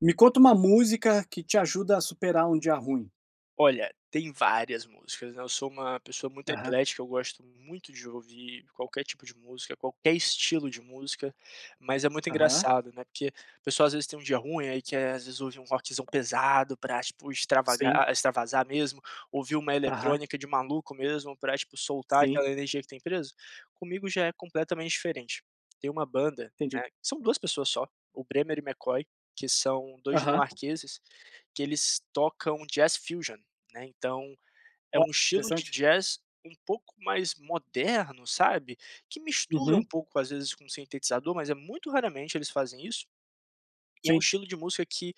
Me conta uma música que te ajuda a superar um dia ruim. Olha, tem várias músicas, né, eu sou uma pessoa muito Aham. eclética, eu gosto muito de ouvir qualquer tipo de música, qualquer estilo de música, mas é muito Aham. engraçado, né, porque a pessoa às vezes tem dia ruim aí quer, às vezes, ouvir um rockzão pesado pra tipo extravaga Sim. extravasar mesmo, ouvir uma Aham. eletrônica de maluco mesmo, pra, tipo, soltar Sim. aquela energia que tem presa? Comigo já é completamente diferente. Tem uma banda, Entendi. né, que são 2 pessoas só, o Bremer e McCoy, que são 2 Aham. dinamarqueses, que eles tocam jazz fusion, né, então, é Ó, um estilo de interessante. jazz um pouco mais moderno, sabe, que mistura um Uhum. pouco às vezes com sintetizador, mas é muito raramente eles fazem isso e é um Sim. estilo de música que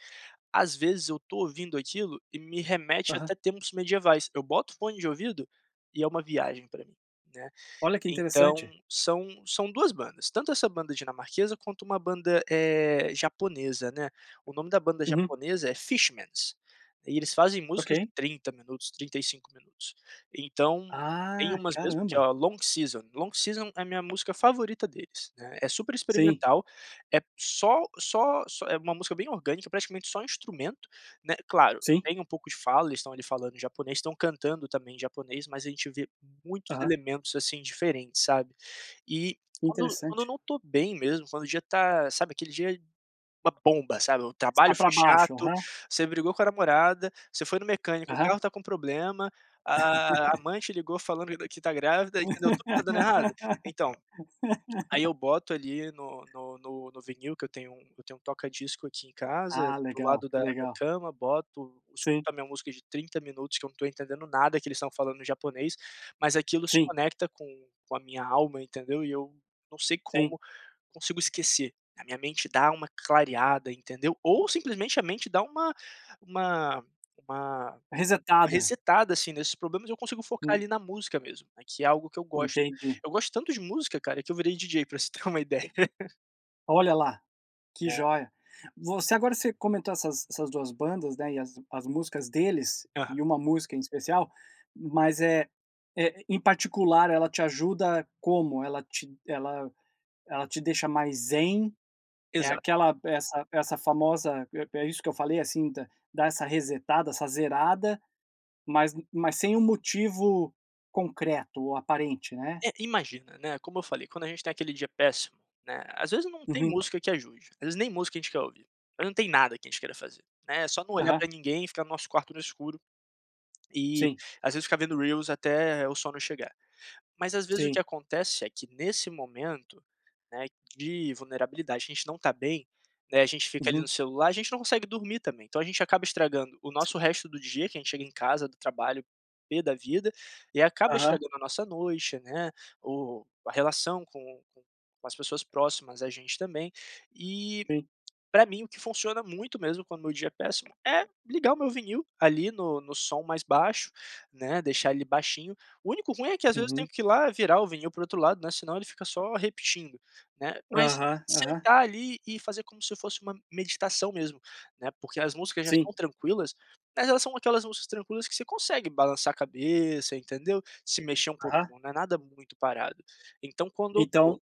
às vezes eu tô ouvindo aquilo e me remete Aham. até tempos medievais, eu boto o fone de ouvido e é uma viagem pra mim, né. Olha que Então, interessante. são são 2 bandas, tanto essa banda dinamarquesa, quanto uma banda, eh, japonesa, né, o nome da banda Uhum. japonesa é Fishmans, e eles fazem músicas de Ok. 30 minutos, 35 minutos, então tem Ah, umas mesmo que é caramba. a Long Season. Long Season é a minha música favorita deles, né, é super Sim. experimental, é p só só só é uma música bem orgânica, praticamente só instrumento, né, claro, Sim. tem um pouco de fala, eles estão ali falando japonês, estão cantando também em japonês, mas a gente vê muitos Aham. elementos, assim, diferentes, sabe. E quando quando eu Interessante. não tô bem mesmo, quando o dia tá sabe aquele dia, é uma bomba, sabe, o Está trabalho foi pra baixo, chato, aham. você brigou com a namorada, você foi no mecânico, o Aham. carro tá com problema, a a amante ligou falando ainda que tá grávida, entendeu, tudo tá dando errado? Então, aí eu boto ali no no no no vinil que eu tenho um eu tenho um toca-discos aqui em casa, Ah, do legal, lado da da legal. cama, boto, escuto Sim. a minha música de 30 minutos que eu não tô entendendo nada que eles estão falando em japonês, mas aquilo se Sim. conecta com com a minha alma, entendeu, e eu não sei Sim. como, consigo esquecer, a minha mente dá uma clareada, entendeu? Ou simplesmente a mente dá uma uma uma Resetada. resetada, assim, nesses problemas, eu consigo focar Hum. ali na música mesmo, né, que é algo que eu gosto. Entendi. Eu gosto tanto de música, cara, que eu virei DJ pra você ter uma ideia. Olha lá, que É. joia. Você agora você comentou essas essas 2 bandas, né, e as as músicas deles, e Aham. uma música em especial. Mas é eh, em particular, ela te ajuda como? Ela te ela ela te deixa mais zen? É Exato. aquela essa essa famosa é é isso que eu falei, assim, dá dá essa resetada, essa zerada, mas u mas sem um motivo concreto ou aparente, né? É, imagina, né, como eu falei, quando a gente tem aquele dia péssimo, né, às vezes não tem Uhum. música que ajude. Às vezes nem música a gente quer ouvir. Às vezes não tem nada que a gente queira fazer, né, só não olhar Aham. pra ninguém, e ficar no nosso quarto no escuro. E, Sim. às vezes, ficar vendo reels até o sono chegar. Mas às vezes o que Sim. acontece é que nesse momento, né, de vulnerabilidade, que a gente não tá bem, né, a gente fica ali no Uhum. celular, a gente não consegue dormir também, então a gente acaba estragando o nosso resto do dia, que a gente chega em casa do trabalho pê da vida, e aí acaba Aham. estragando a nossa noite, né. O o a relação com com com as pessoas próximas da gente também. E Sim. pra mim o que funciona muito mesmo quando o meu dia é péssimo, é ligar o meu vinil, ali, no no som mais baixo, né, deixar ele baixinho. O único ruim é que às vezes eu tenho Uhum. que ir lá virar o vinil para o outro lado, né, senão ele fica só repetindo, né. Mas, Aham, aham. sentar ali, e fazer como se fosse uma meditação mesmo, né, porque as músicas já Sim. são tranquilas, mas elas são aquelas músicas tranquilas que você consegue balançar a cabeça, entendeu. Se mexer um Aham. pouquinho, não é nada muito parado. Então quando eu tô Então,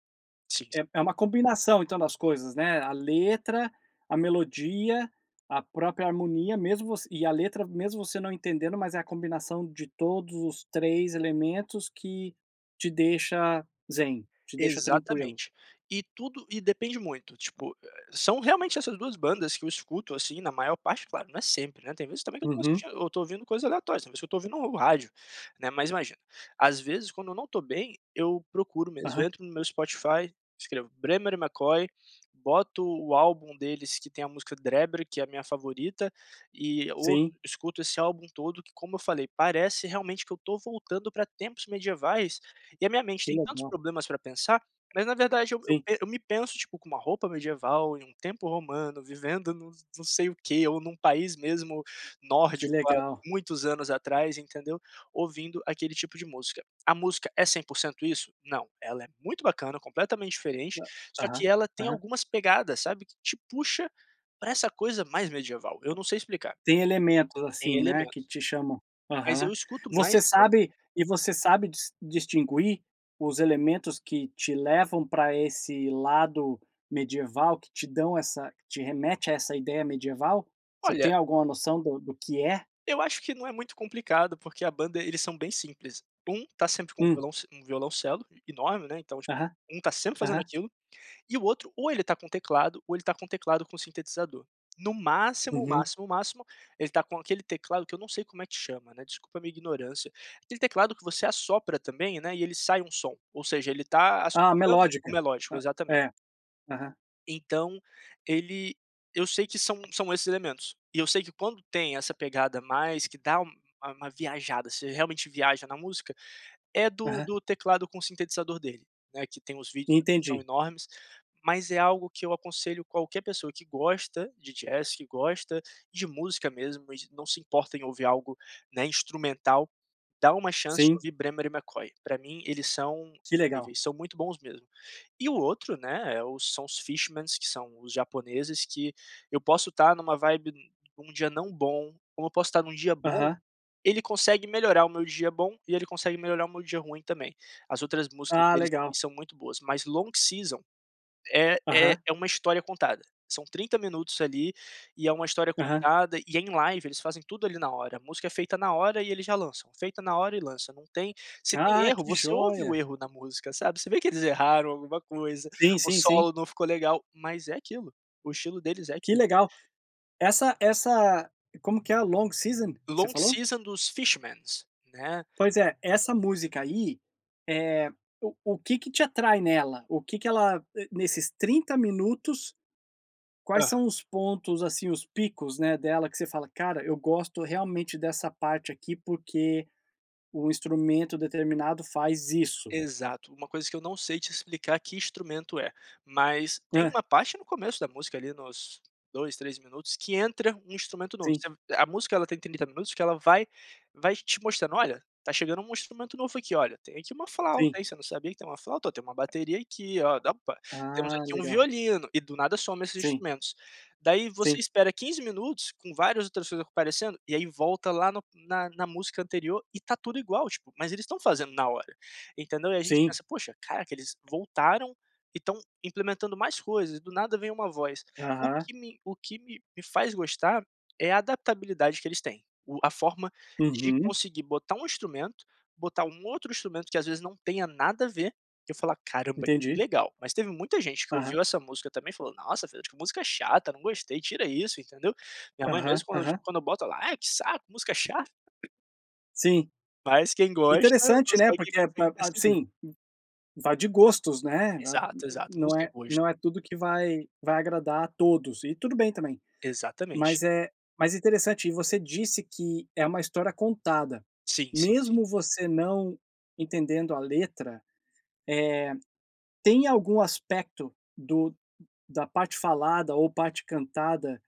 sim. é é uma combinação, então, das coisas, né. A letra, a melodia, a própria harmonia, mesmo você e a letra, mesmo você não entendendo, mas é a combinação de todos os 3 elementos que te deixa zen, te deixa tranquilo? Exatamente. E tudo e depende muito, tipo, ah são realmente essas 2 bandas que eu escuto, assim, na maior parte, claro, não é sempre, né, tem vezes também que eu tô Uhum. assistindo eu tô ouvindo coisas aleatórias, tem vezes que eu tô ouvindo o rádio, né. Mas imagina, às vezes quando eu não tô bem, eu procuro mesmo, Aham. eu entro no meu Spotify, escrevo: "Bremer/McCoy", boto o álbum deles que tem a música Dråber, que é a minha favorita, e ou Sim. escuto esse álbum todo, que como eu falei, parece realmente que eu tô voltando pra tempos medievais, e a minha mente Que tem tantos legal. problemas pra pensar, mas na verdade eu eu Sim. e eu me penso, tipo, com uma roupa medieval, em um tempo romano, vivendo num num sei o quê, ou num país mesmo Que nórdico, há legal. muitos anos atrás, entendeu, ouvindo aquele tipo de música. A música é 100% isso? Não, ela é muito bacana, completamente diferente, Hã. só Aham, que ela tem aham. algumas pegadas, sabe, que te puxa pra essa coisa mais medieval, eu não sei explicar. Tem elementos, Tem assim, né, que elementos. te chamam Mas eu aham. escuto mais Você sabe e você sabe dis distinguir os elementos que te levam pra esse lado medieval, que te dão essa que te remete a essa ideia medieval? Você tem Olha alguma noção do do que é? Eu acho que não é muito complicado, porque a banda, eles são bem simples. Um tá sempre com o Hum. violonc um violoncelo e enorme, né, então, tipo, Aham. um tá sempre fazendo Aham. aquilo. E o outro, ou ele tá com um teclado, ou ele tá com um teclado com um sintetizador. No máximo, Uhum. máximo, máximo, ele tá com aquele teclado, que eu não sei como é que chama, né, desculpa a minha ignorância. Aquele teclado que você assopra também, né, e ele sai um som. Ou seja, ele tá Ah, assoprando o melódica. melódico. Ah, Exatamente. é. Aham. Então ele, eu sei que são são esses elementos, e eu sei de quando tem essa pegada mais, que dá uma uma viajada, você realmente viaja na música. É do Aham. do teclado com sintetizador dele, né, que tem os vídeos que são Entendi. enormes, mas é algo que eu aconselho qualquer pessoa que gosta de jazz, que gosta de música mesmo e de não se importa em ouvir algo, né, instrumental. Dá uma chance de Sim. ouvir Bremer e McCoy. Pra mim eles são Que legal. eles são muito bons mesmo. E o outro né, é o são os Fishmans, que são os japoneses, que eu posso tá numa vibe, num dia não bom, como eu posso tá num dia bom. Aham. Ele consegue melhorar o meu dia bom, e ele consegue melhorar o meu dia ruim também. As outras músicas Ah, deles também legal! são muito boas, mas Long Season é é Aham. é uma história contada. São 30 minutos ali, e é uma história Aham. contada, e é em live. Eles fazem tudo ali na hora, a música é feita na hora e eles já lançam, feita na hora e lança. Não tem se tem Ah, erro que você ouve o joia. erro na música, sabe. Você vê que eles erraram alguma coisa, Sim, o sim, sim. solo não ficou legal, mas é aquilo, o estilo deles é Que aquilo. legal. Essa essa como que é a Long Season, você Long falou? Season dos Fishmans, né. Pois é, essa música aí é o o que que te atrai nela? O que que ela, nesses 30 minutos, quais Aham. são os pontos, assim, os picos, né, dela, que você fala: cara eu gosto realmente dessa parte aqui, porque o instrumento determinado faz isso? Exato, uma coisa que eu não sei te explicar que instrumento é, mas tem Hã. uma parte no começo da música ali nos 2, 3 minutos que entra um instrumento novo. Sim. Você a música ela tem 30 minutos, que ela vai vai te mostrando: "Olha, tá chegando um instrumento novo aqui, olha, tem aqui uma flauta, Sim. hein, você não sabia que tem uma flauta, ó, tem uma bateria aqui, ó, dampa, temos Ah, aqui um legal. violino", e do nada some esses Sim. instrumentos. Daí você Sim. espera 15 minutos com várias outras coisas aparecendo, e aí volta lá no na na música anterior, e tá tudo igual, tipo, mas eles estão fazendo na hora, entendeu. E a gente Sim. pensa: "Poxa, caraca, eles voltaram e estão implementando mais coisas, e do nada vem uma voz." O Aham. que me o que me me faz gostar é a adaptabilidade que eles têm, o a forma de Uhum. conseguir botar um instrumento, botar um outro instrumento que às vezes não tenha nada a ver, e eu falar: "Caramba, que Entendi. legal", mas teve muita gente que Aham. ouviu essa música também e falou: "Nossa, Fred, que música chata, não gostei, tira isso", entendeu. Minha mãe Aham, mesmo, quando eu t aham. quando eu boto, ela: "Ai que saco, música chata." Sim. Mas quem gosta Interessante, né. consegue Porque consegue ba ab perceber. sim, vai de gostos, né. A b Exato, exato. não Música é é gosto. não é tudo que vai vai agradar a todos, e tudo bem também. Exatamente. Mas é mas interessante. E você disse que é uma história contada, Sim, sim, sim. mesmo você não entendendo a letra, eh, tem algum aspecto do da parte falada, ou parte cantada,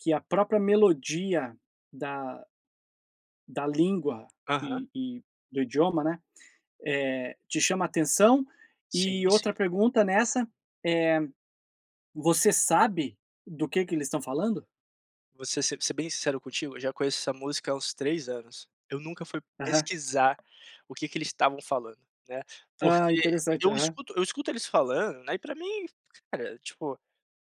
que a própria melodia da da língua Aham. e e do idioma né, eh, te chama atenção? Sim, E outra sim. pergunta nessa é: você sabe do que que eles estão falando? Vou ser ser ser bem sincero contigo, eu já conheço essa música há uns 3 anos. Eu nunca fui Aham. pesquisar o que que eles estavam falando, né, Ah, porque interessante, eu aham. escuto eu escuto eles falando, né, e pra mim, cara, tipo,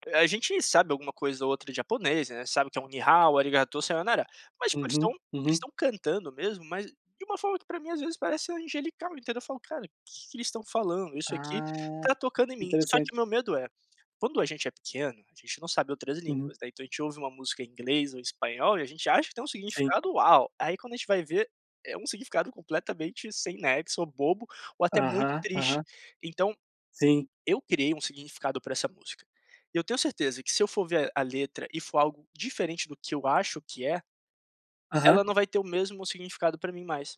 eh, a gente sabe alguma coisa ou outra de japonês, né, sabe o que é um “你好”, “arigatō, sayonara”. Mas, tipo, eles Uhum. estão eles Uhum. estão cantando mesmo, mas de uma forma que, para mim, às vezes parece angelical, entendeu? Eu falo: "Cara, o que que eles estão falando? Isso aqui Ah, tá tocando em mim". Só que interessante. meu medo é: quando a gente é pequeno, a gente não sabe outras Uhum. línguas, né, então a gente ouve uma música em inglês ou em espanhol e a gente acha que tem Sim. significado "Uau!" Aí, quando a gente vai ver, é um significado completamente sem nexo, ou bobo, ou até muito Aham, triste. aham. Então, Sim. eu criei um significado pra essa música e eu tenho certeza que, se eu for ver a letra e for algo diferente do que eu acho que é Aham. ela não vai ter o mesmo significado pra mim mais.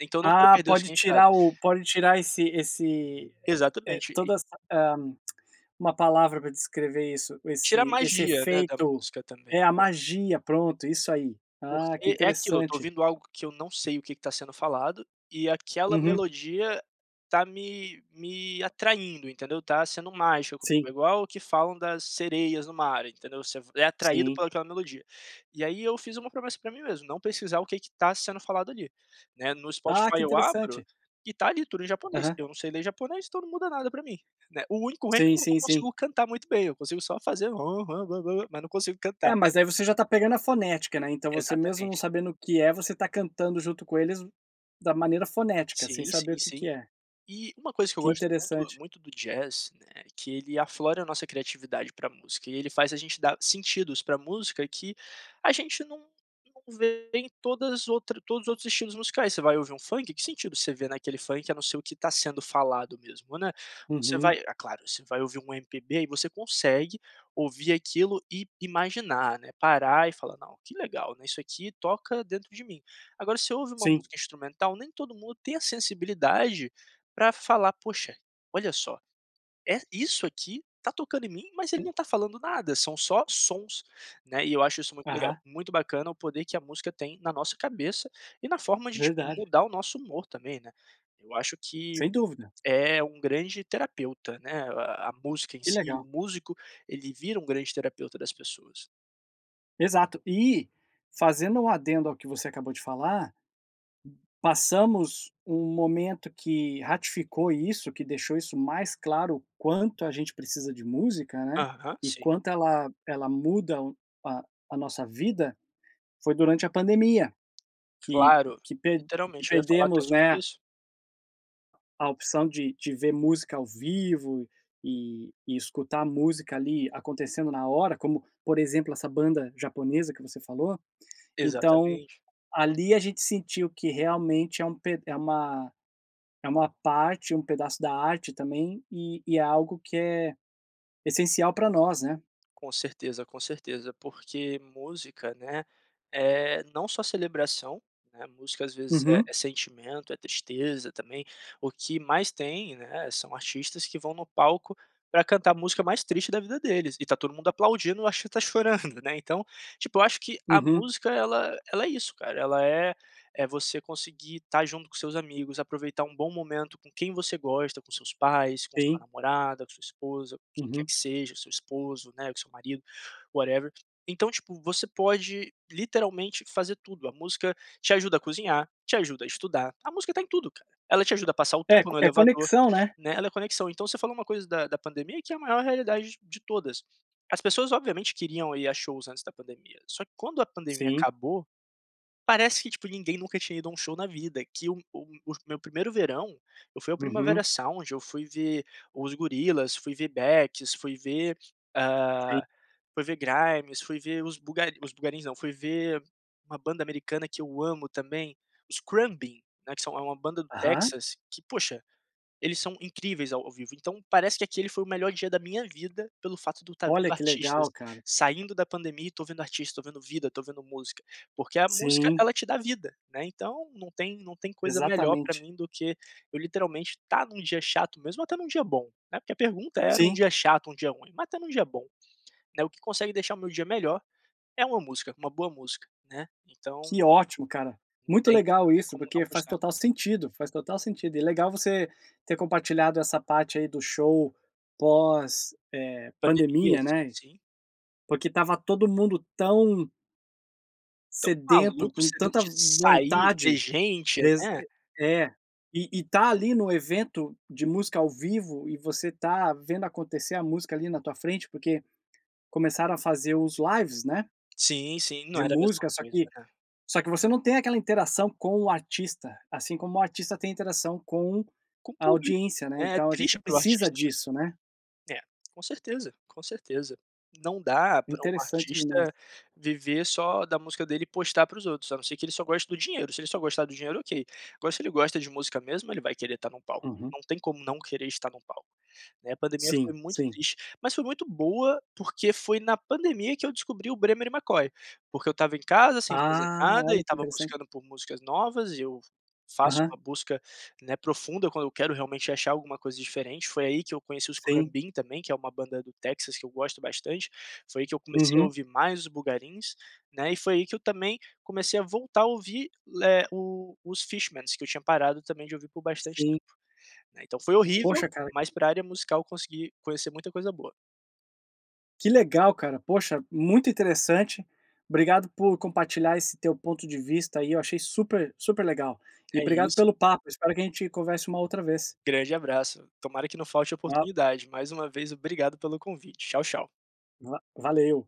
Então eu não quero Ah, perder o pode significado. tirar o pode tirar esse esse, eh eh, Exatamente, e toda essa, hã, 1 palavra pra descrever isso, Tira a esse esse magia, né, da efeito música também, é a né? magia. Pronto, isso aí. Ah, que Porque é aquilo, eu tô interessante. ouvindo algo que eu não sei o que que tá sendo falado e aquela Uhum. melodia tá me me atraindo, entendeu? Tá sendo mágico Sim. [unintelligible] igual ao que falam das sereias no mar, entendeu? Você v é atraído Sim. pela aquela melodia. E, aí, eu fiz uma promessa pra mim mesmo: não pesquisar o que que tá sendo falado ali, né? No Ah! Que Spotify eu abro interessante! e tá ali tudo em japonês, Aham. eu não sei ler japonês, então não muda nada pra mim, né? O único ruim é que Sim, eu não sim, sim. consigo cantar muito bem, eu consigo só fazer: "Hã, ran, bo, bo, bo". Mas não consigo É, cantar. mas aí você já tá pegando a fonética, né? Então, você, mesmo não Exatamente. sabendo o que é, você tá cantando junto com eles da maneira fonética, sem Sim, saber sim, o que que sim. é. E uma coisa que eu Que gosto muito interessante. muito do jazz, né, que ele aflora a nossa criatividade pra música e ele faz a gente dar sentidos pra música que a gente não não vê em todas outras todos os outros estilos musicais. Você vai ouvir um funk, que sentido você vê naquele funk a não ser o que tá sendo falado mesmo, né? Você Uhum. vai ah, claro, você vai ouvir um MPB e você consegue ouvir aquilo e imaginar, né, parar e falar: "Não, que legal, né, isso aqui toca dentro de mim". Agora você ouve uma Sim. música instrumental, nem todo mundo tem a sensibilidade pra falar: "Puxa, olha só, é, isso aqui tá tocando em mim, mas ele Hu não tá falando nada, são só sons", né, e eu acho isso muito Aham. legal. Muito bacana o poder que a música tem na nossa cabeça e na forma de, tipo, Verdade. mudar o nosso humor também, né? Eu acho que Sem dúvida. é um grande terapeuta, né, a a a música em Que si. O legal. músico, ele vira um grande terapeuta das pessoas. Exato. E, fazendo um adendo ao que você acabou de falar, passamos um momento que ratificou isso, que deixou isso mais claro, o quanto a gente precisa de música, né, Aham, e sim. quanto ela ela muda a a nossa vida, foi durante a pandemia que Claro, que per que literalmente, eu ia falar até perdemos, sobre né isso. a opção de de ver música ao vivo e escutar música ali acontecendo na hora, como, por exemplo, essa banda japonesa que você falou. Então, Exatamente. ali, a gente sentiu que realmente é um ped é uma é uma parte, um pedaço da arte também e e é algo que é essencial pra nós, né? Com certeza, com certeza. Porque música, né, é não só celebração, né, música às vezes é Uhum. é sentimento, é tristeza também, o que mais tem, né, são artistas que vão no palco pra cantar a música mais triste da vida deles, e tá todo mundo aplaudindo, ou, acho, até chorando, né. Então, tipo, eu acho que a Uhum. música ela ela é isso cara, ela é: é você conseguir estar junto com seus amigos, aproveitar um bom momento com quem você gosta, com seus pais, com sua Sim. namorada, com sua esposa, com quem quer Uhum. que seja, seu esposo, né, com seu marido, whatever. Então, tipo, você pode, literalmente, fazer tudo, a música te ajuda a cozinhar, te ajuda a estudar, a música tá em tudo, ela te ajuda a passar o É tempo co no é elevador, conexão, né. né, ela é conexão. Então, você falou uma coisa da da pandemia que é a maior realidade de de todas, as pessoas obviamente queriam ir a shows antes da pandemia, só que quando a pandemia Sim. acabou, parece que, tipo, ninguém nunca tinha ido a um show na vida, que um um os meu primeiro verão, eu fui ao Primavera Uhum. Sound, eu fui ver os Gorillaz, fui ver Becks, fui ver Sim. hã, fui ver Grimes, fui ver os Boogari os Boogarins não, fui ver uma banda americana, que eu amo também, os Khruangbin, né, que são é uma banda do Aham. Texas que, poxa, eles são incríveis ao ao vivo. Então parece que aquele foi o melhor dia da minha vida, pelo fato de eu estar vendo Olha, que artistas, legal, cara. saindo da pandemia e tô vendo artista, tô vendo vida, tô vendo música. Porque a música Sim. ela te dá vida, né, então não tem não tem coisa melhor pra Exatamente. mim do que eu, literalmente, estar num dia chato mesmo, ou até num dia bom, né, porque a pergunta era um Sim. dia chato, um dia ruim, mas até num dia bom, né, o que consegue deixar o meu dia melhor, é uma música, uma boa música, né, então Que ótimo, cara. Não Muito tem legal não tem isso, como porque não faz gostar. total sentido, faz total sentido e legal você ter compartilhado essa parte aí do show pós, eh, Pandemia, pandemia, sim, né, sim. porque estava todo mundo tão Tão sedento, maluco com você, em vez tanta de v sair, ver vontade. gente, Exa né. e é. E e estar ali no evento de música ao vivo e você estar vendo acontecer a música, ali na tua frente, porque começaram a fazer os lives, né Sim, sim. Não de era a mesma música, só coisa, que né. só que você não tem aquela interação com o artista, assim como o artista tem interação com Com a público, audiência, né, né, é então a gente triste para o precisa artista disso, né? também. É, com certeza, com certeza. Não dá pra um Interessante demais. artista viver só da música dele e postar para os outros, a não ser que ele só gosta do dinheiro, se ele só gostar do dinheiro ok, agora se ele gosta de música mesmo ele vai querer estar num palco, Uhum. não tem como não querer estar num palco, né. A pandemia foi Sim, muito sim. triste, mas foi muito boa, porque foi na pandemia que eu descobri o Bremer/McCoy. Porque eu estava em casa sem fazer Ah, nada, e olha que estava interessante. buscando por músicas novas, eu faço Aham. uma busca, né, profunda quando eu quero realmente achar alguma coisa diferente. Foi aí que eu conheci os Sim. Khruangbin também, que é uma banda do Texas que eu gosto bastante, foi aí que eu comecei a Uhum. ouvir mais o Boogarins, né, e foi aí que eu também comecei a voltar a ouvir le o os Fishmans, que eu tinha parado também de ouvir por bastante Sim. tempo, né. Então, foi horrível, Poxa, cara mas pra área musical, eu consegui conhecer muita coisa boa. Que legal, cara, poxa, muito interessante. Obrigado por compartilhar esse teu ponto de vista aí, eu achei super super legal e É obrigado isso. pelo papo. Eu espero que a gente converse uma outra vez. Grande abraço. Tomara que não falte Tchau. oportunidade. Mais uma vez, obrigado pelo convite. Tchau, tchau. Va valeu.